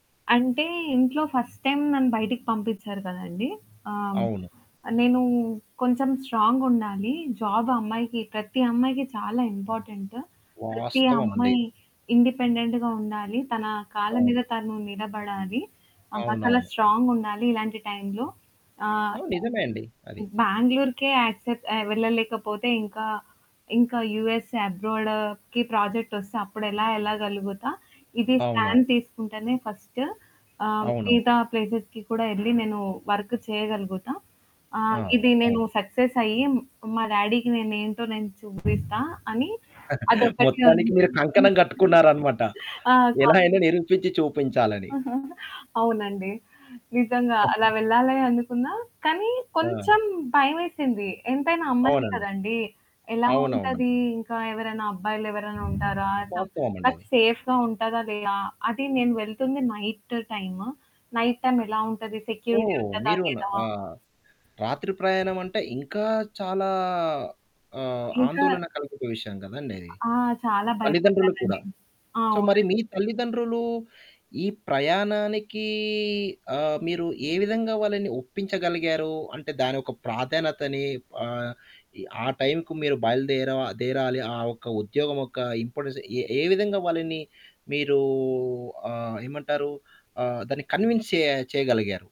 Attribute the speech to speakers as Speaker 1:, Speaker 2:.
Speaker 1: అంటే ఇంట్లో first time నన్ను బయటకి పంపించారు కదండీ! ఆహ్,
Speaker 2: అవును.
Speaker 1: నేనూ కొంచెం స్ట్రాంగుండాలి. జాబ్ అమ్మాయికి, ప్రతి అమ్మాయికి చాలా ఇంపార్టెంటు. ప్రతి
Speaker 2: వాస్తవమండి.
Speaker 1: అమ్మాయి ఇండిపెండెంట్‌గా ఉండాలి. తన కాళ్ళ
Speaker 2: అవును.
Speaker 1: మీద తను నిలబడాలి. అవతల
Speaker 2: అవునవును.
Speaker 1: స్ట్రాంగుండాలి ఇలాంటి టైమ్‌లో. ఆ!
Speaker 2: ఆ! నిజమే అండి. అది.
Speaker 1: బెంగుళూరుకే యాక్సెప్ట్ ఆహ్, వెళ్ళలేకపోతే ఇంకా ఇంకా యూఎస్ అబ్రాడ్‌కి ప్రాజెక్ట్ వస్తే అప్పుడెలా వెళ్ళగలుగుతా! ఇది
Speaker 2: అవును.
Speaker 1: స్టాండ్ తీసుకుంటేనే ఫస్టు ఆహ్,
Speaker 2: అవును.
Speaker 1: మిగతా ప్లేస్‌స్‌కి కూడా వెళ్లి నేను వర్క్ చేయగలుగుతా.
Speaker 2: ఆ!
Speaker 1: ఆహ్, ఇది
Speaker 2: అవును.
Speaker 1: నేను సక్సెసయ్యి మా డాడీకి నేనేంటో నేను చూపిస్తా అని అదొక్కటే
Speaker 2: మొత్తానికి
Speaker 1: ఉంది.
Speaker 2: మీరు కంకణం కట్టుకున్నారన్నమాట.
Speaker 1: ఆ! కా
Speaker 2: ఎలాగైనా నిరూపించి చూపించాలని.
Speaker 1: అవునండి. నిజంగా
Speaker 2: ఆ!
Speaker 1: అలా వెళ్ళా‌లే అనుకున్నా. కానీ
Speaker 2: ఆ!
Speaker 1: కొంచెం భయమేసింది. ఎంతైనా అమ్మాయిని
Speaker 2: అవునండి.
Speaker 1: కదండీ ఎలా
Speaker 2: అవునవును.
Speaker 1: ఉంటది? ఇంకా ఎవరైనా అబ్బాయిలెవరైనా ఉంటారా? ఆహ్, నాకు
Speaker 2: వాస్తవమండది.
Speaker 1: సేఫ్‌గా ఉంటదా లేదా? అది నేను వెళ్తుంది నైట్ టైము. నైట్ టైమెలా ఉంటది? సెక్యూరిటీ
Speaker 2: ఓహ్!
Speaker 1: ఉంటదా
Speaker 2: మీరున
Speaker 1: లేదా?
Speaker 2: ఆహ్, రాత్రి ప్రయాణమంటే ఇంకా చాలా ఆహ్,
Speaker 1: ఇంకా!
Speaker 2: ఆందోళన కలిగిన విషయం గదండది!
Speaker 1: ఆ! చాలా
Speaker 2: తల్లిదండ్రులు కూడా.
Speaker 1: భయపడ్డానండి. ఆ!
Speaker 2: సో, మరి
Speaker 1: అవునండి.
Speaker 2: మీ తల్లిదండ్రులు ఈ ప్రయాణానికీ ఆహ్, మీరు ఏ విధంగా వాళ్ళని ఒప్పించగలిగారూ? అంటే దాని యొక్క ప్రాధాన్యతని ఆహ్, ఆ టైంకి మీరు బయలుదేర దేరాలి. ఆహ్, యొక్క ఉద్యోగం యొక్క ఇంపార్టెన్స్ ఏ ఏ విధంగా వాళ్ళని మీరూ ఆహ్, ఏమంటారు? ఆహ్, దాన్ని కన్విన్స్ చే చేయగలిగారు?